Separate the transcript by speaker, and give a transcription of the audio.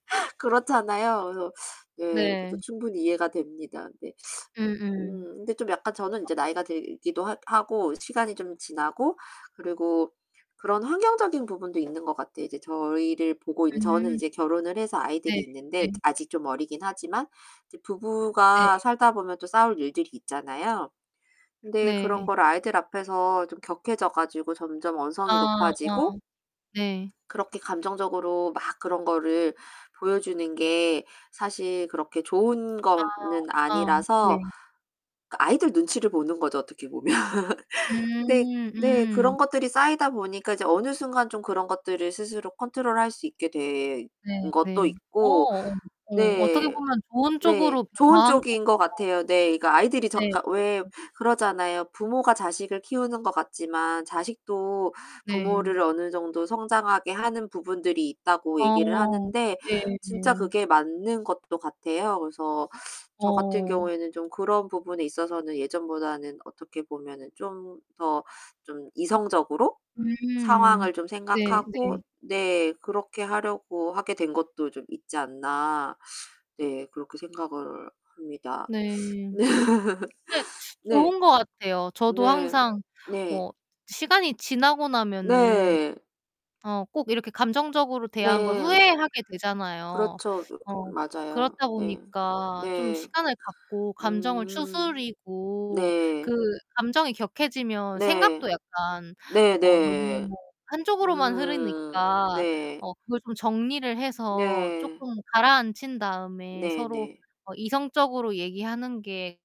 Speaker 1: 그렇잖아요. 그래서 네, 그것도
Speaker 2: 네.
Speaker 1: 충분히 이해가 됩니다. 네.
Speaker 2: 음음.
Speaker 1: 음 근데 좀 약간 저는 이제 나이가
Speaker 2: 맞아요.
Speaker 1: 들기도 하 하고 시간이 좀 지나고 그리고 그런 환경적인 부분도 있는 것 같아요. 이제 저희를 보고 있는 저는
Speaker 2: 음.
Speaker 1: 이제 결혼을 해서 아이들이
Speaker 2: 네.
Speaker 1: 있는데
Speaker 2: 네.
Speaker 1: 아직 좀 어리긴 하지만. 이제
Speaker 2: 네.
Speaker 1: 부부가 살다 보면 또 싸울 일들이 있잖아요. 그런데 그런
Speaker 2: 네.
Speaker 1: 걸 아이들 앞에서 좀 격해져 가지고 점점 언성이
Speaker 2: 아
Speaker 1: 높아지고
Speaker 2: 네.
Speaker 1: 그렇게 감정적으로 막 그런 거를 보여 주는 게 사실 그렇게 좋은
Speaker 2: 아
Speaker 1: 거는
Speaker 2: 아
Speaker 1: 아니라서
Speaker 2: 네.
Speaker 1: 그 아이들 눈치를 보는 거죠, 어떻게 보면. 근데
Speaker 2: 음,
Speaker 1: 네
Speaker 2: 음.
Speaker 1: 그런 것들이 쌓이다 보니까 이제 어느 순간 좀 그런 것들을 스스로 컨트롤할 수 있게 된
Speaker 2: 네,
Speaker 1: 것도
Speaker 2: 네.
Speaker 1: 있고
Speaker 2: 어 어 어떻게
Speaker 1: 네.
Speaker 2: 보면 좋은
Speaker 1: 네.
Speaker 2: 쪽으로
Speaker 1: 좋은
Speaker 2: 변화한
Speaker 1: 쪽인
Speaker 2: 거네요.
Speaker 1: 것 같아요. 네, 그 아이들이 저
Speaker 2: 네.
Speaker 1: 그러니까 왜
Speaker 2: 네.
Speaker 1: 그러잖아요. 부모가 자식을 키우는 것 같지만 자식도
Speaker 2: 네.
Speaker 1: 부모를 어느 정도 성장하게 하는 부분들이 있다고 얘기를
Speaker 2: 어
Speaker 1: 하는데
Speaker 2: 네
Speaker 1: 진짜
Speaker 2: 네.
Speaker 1: 그게 맞는 것도 같아요. 그래서 저 같은
Speaker 2: 어.
Speaker 1: 경우에는 좀 그런 부분에 있어서는 예전보다는 어떻게 보면은 좀 더 좀 이성적으로
Speaker 2: 음,
Speaker 1: 상황을 좀
Speaker 2: 네,
Speaker 1: 생각하고
Speaker 2: 네.
Speaker 1: 네, '그렇게 하려고 하게 된 것도 좀 있지 않나.' 네, 그렇게 생각을 합니다.
Speaker 2: 네. 근데
Speaker 1: 네.
Speaker 2: 좋은 것 같아요. 저도
Speaker 1: 네.
Speaker 2: 항상
Speaker 1: 네.
Speaker 2: 뭐 시간이 지나고 나면은
Speaker 1: 네.
Speaker 2: 어 꼭 이렇게 감정적으로 대한 걸
Speaker 1: 네.
Speaker 2: 후회하게 되잖아요.
Speaker 1: 그렇죠.
Speaker 2: 어
Speaker 1: 맞아요.
Speaker 2: 그렇다
Speaker 1: 네.
Speaker 2: 보니까 좀
Speaker 1: 네.
Speaker 2: 시간을 갖고 감정을
Speaker 1: 음.
Speaker 2: 추스리고 그
Speaker 1: 네.
Speaker 2: 감정이 격해지면
Speaker 1: 네.
Speaker 2: 생각도 약간 어
Speaker 1: 네네.
Speaker 2: 너무 한쪽으로만
Speaker 1: 음.
Speaker 2: 흐르니까
Speaker 1: 네.
Speaker 2: 어 그걸 좀 정리를 해서
Speaker 1: 네.
Speaker 2: 쪼끔 가라앉힌 다음에 서로
Speaker 1: 네네.
Speaker 2: 어 이성적으로 얘기하는 게